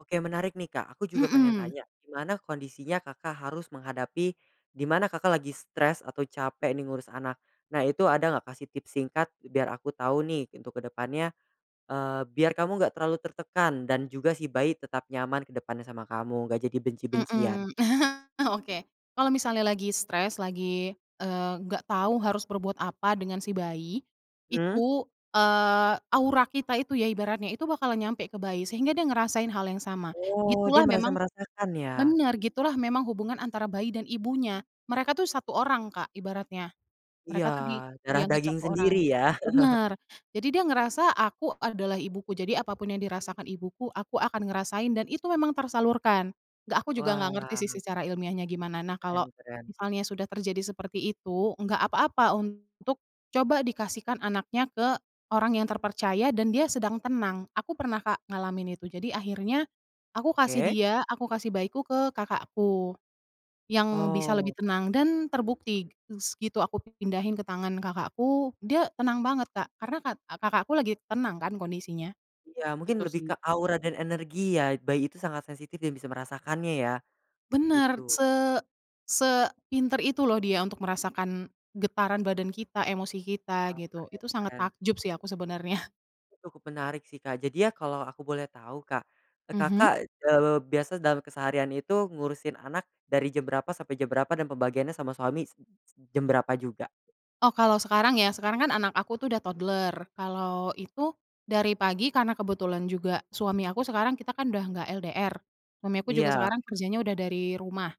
Oke menarik nih Kak aku juga pengen Mhm. tanya gimana kondisinya Kakak harus menghadapi, dimana Kakak lagi stres atau capek nih ngurus anak, nah itu ada nggak Kak sih tips singkat biar aku tau nih untuk kedepannya, eee, biar kamu nggak terlalu tertekan dan juga si bayi tetap nyaman kedepannya sama kamu nggak jadi benci-bencian. Mhm, oke kalau misalnya lagi stres lagi, eee, nggak tau harus berbuat apa dengan si bayi, Mmm. itu, eee, aura kita itu ya ibaratnya itu bakalan nyampe ke bayi sehingga dia ngerasain hal yang sama, Oh dia gitulah merasa memang merasakan ya? bener gitulah memang hubungan antara bayi dan ibunya, mereka tuh 1 orang Kak ibaratnya, Iya mereka tuh di darah dianggap daging 1 orang, sendiri ya. bener jadi dia ngerasa aku adalah ibuku jadi apa pun yang dirasakan ibuku aku akan ngerasain dan itu memang tersalurkan, nggak aku juga nggak ngerti sih Wah. secara ilmiahnya gimana nah kalo, Keren keren. misalnya sudah terjadi seperti itu, nggak apa-apa untuk coba dikasihkan anaknya ke orang yang terpercaya dan dia sedang tenang. Aku pernah Kak ngalamin itu jadi akhirnya, aku kasih Oke. dia, aku kasih bayiku ke kakakku, yang bisa Oh. lebih tenang dan terbukti s gitu aku pindahin ke tangan kakakku dia tenang banget Kak karena kat kakakku lagi tenang kan kondisinya, Iya mungkin itu lebih sih. ke aura dan energi ya bayi itu sangat sensitif dan bisa merasakannya ya, Bener gitu. se sepinter itu loh dia untuk merasakan, getaran badan kita, emosi kita, Oke gitu itu sangat keren-keren. takjub sih aku sebenernya. Itu cukup menarik sih Kak jadi ya kalau aku boleh tahu Kak, eee, Mhm. Kakak, eee, biasa dalam keseharian itu ngurusin anak dari jam berapa sampai jam berapa dan pembagiannya sama suami s s jam berapa juga? Oh kalo sekarang ya sekarang kan anak aku tuh udah toddler kalo itu, dari pagi karena kebetulan juga suami aku sekarang kita kan udah nggak LDR, suami aku juga Iya. sekarang kerjanya udah dari rumah,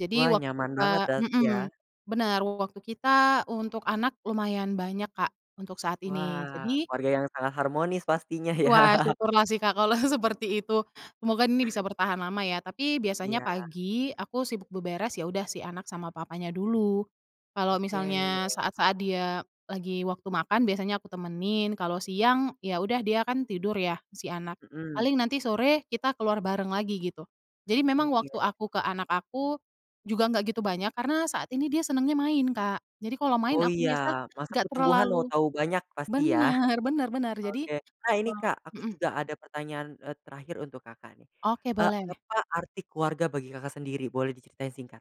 jadi Wah waktu nyaman kita banget berarti mhm, ya. bener waktu kita untuk anak lumayan banyak Kak untuk saat ini Wah jadi keluarga yang sangat harmonis pastinya ya. Wah syukurlah sih Kak kalau seperti itu, semoga ini bisa bertahan lama ya tapi biasanya Iya. pagi aku sibuk beberes ya udah si anak sama papanya dulu, kalo misalnya Oke. saat-saat dia lagi waktu makan biasanya aku temenin kalo siang ya udah dia kan tidur ya si anak, paling Mhm. nanti sore kita keluar bareng lagi gitu, jadi memang Oke. waktu aku ke anak aku, juga nggak gitu banyak karena saat ini dia senengnya main Kak, jadi kalo main Oh aku iya biasa masa nggak pertumbuhan mau terlalu tahu banyak pasti yah, bener bener bener jadi, oke nah ini se Kak aku mhm. juga ada pertanyaan, eee, terakhir untuk Kakak nih, Oke eee, boleh. apa arti keluarga bagi Kakak sendiri? Boleh diceritain singkat?